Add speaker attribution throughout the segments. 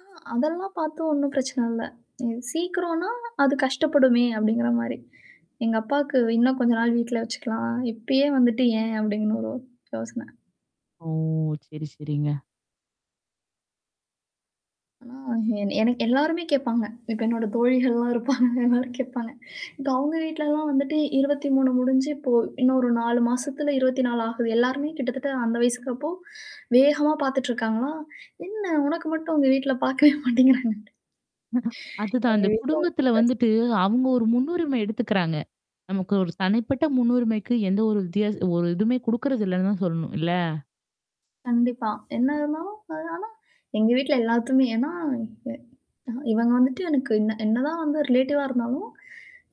Speaker 1: ஆ அதெல்லாம் பாத்து ஒண்ணும் பிரச்சன இல்ல. இது சீக்கிரோம்ன்னா அது கஷ்டப்படுமே அப்படிங்கிற மாரி. எங்க அப்பாவுக்கு, "இன்னும் கொஞ்ச நாள் வீட்ல வச்சுக்கலாம். இப்பயே வந்துட்டு ஏன்?" அப்படின்னு ஒரு யோசனை.
Speaker 2: ஓ! சரி, சரிங்க.
Speaker 1: ஆ என எனக்கு எல்லாருமே கேப்பாங்க. இப்ப என்னோட தோழிகள்லாம் இருப்பாங்க. எல்லாரும் கேப்பாங்க. இப்ப அவங்க வீட்லலாம் வந்துட்டு 23 முடிஞ்சு இப்போ இன்னொரு 4 மாசத்துல 24 ஆகுது. எல்லாருமே கிட்டத்தட்ட அந்த வயசுக்கப்போ, வேகமா பாத்துட்டு இருக்காங்களா? என்ன உனக்கு மட்டும் உங்க வீட்ல பாக்கவே மாட்டேங்கிறாங்கன்ட்டு.
Speaker 2: அதுதான். அதுதான்.
Speaker 1: எங்க
Speaker 2: அந்த
Speaker 1: வீட்ல ஒரு
Speaker 2: குடும்பத்தல
Speaker 1: பிரச்
Speaker 2: வந்துட்டு அவுங்க ஒரு முன்னுரிமை எடுத்துக்கிறாங்க. நமக்கு ஒரு தனிப்பட்ட முன்னுரிமைக்கு எந்த ஒரு வித்தியாஸ் ஒரு எதுவுமே குடுக்கறது இல்லன்னு தான் சொல்லணும் இல்ல?
Speaker 1: கண்டிப்பா. என்ன இருந்தாலும், எதுனாலும், எங்க வீட்ல எல்லாத்துமே ஏன்னா [unintelligible] இவங்க வந்துட்டு எனக்கு என்ன என்னதான் வந்து ரிலேட்டிவ்வா இருந்தாலும்,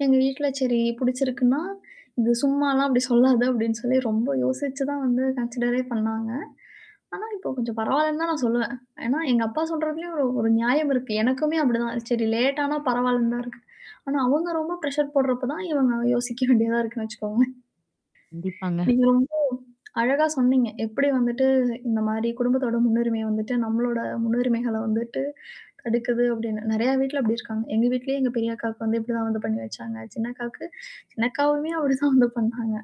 Speaker 1: எங்க வீட்ல சரி புடிச்சிருக்குன்னா இது சும்மாலாம் அப்படி சொல்லாத அப்படின்னுசொல்லி ரொம்ப யோசிச்சு தான் வந்து கன்சிடரே பண்ணாங்க. ஆனா, இப்போ கொஞ்சம் பரவால்லன்னு தான் நான் சொல்லுவேன். ஏன்னா எங்க அப்பா சொல்றதுலேயும் ஒரு ஒரு நியாயம் இருக்கு. எனக்குமே அப்படிதான். சரி லேட்டானா பரவால்லன்னு தான் இருக்கு. ஆனா, அவுங்க ரொம்ப பிரஷர் போடுறப்ப தான், இவுங்க யோசிக்க வேண்டியதா இருக்குன்னு வச்சுக்கோங்களேன்.
Speaker 2: கண்டிப்பாங்க.
Speaker 1: நீங்க ரொம்போ அழகா சொன்னீங்க. எப்படி வந்துட்டு இந்த மாரி குடும்பத்தோட முன்னுரிமை வந்துட்டு, நம்மளோட முன்னுரிமைகள வந்துட்டு தடுக்குது அப்படின்னு. நெறைய வீட்ல அப்படி இருக்காங்க. எங்க வீட்லேயே எங்க பெரிய அக்காவுக்கு வந்து இப்படிதான் வந்து பண்ணி வச்சாங்க. சின்னக்காவுக்கு சின்னக்காவுமே அப்படி தான் வந்து பண்ணாங்க.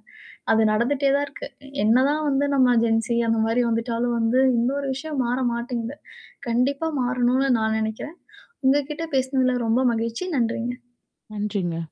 Speaker 1: அது நடந்துட்டே தான் இருக்கு. என்னதான் வந்து நம்ம ஜென்சி அந்த மாரி வந்துட்டாலும் வந்து இன்னொரு விஷயம் மாற மாட்டேங்குது. கண்டிப்பா மாறணும்ன்னு நான் நெனைக்கிறன். உங்ககிட்ட பேசுனதுல ரொம்ப மகிழ்ச்சி. நன்றிங்க.
Speaker 2: நன்றிங்க.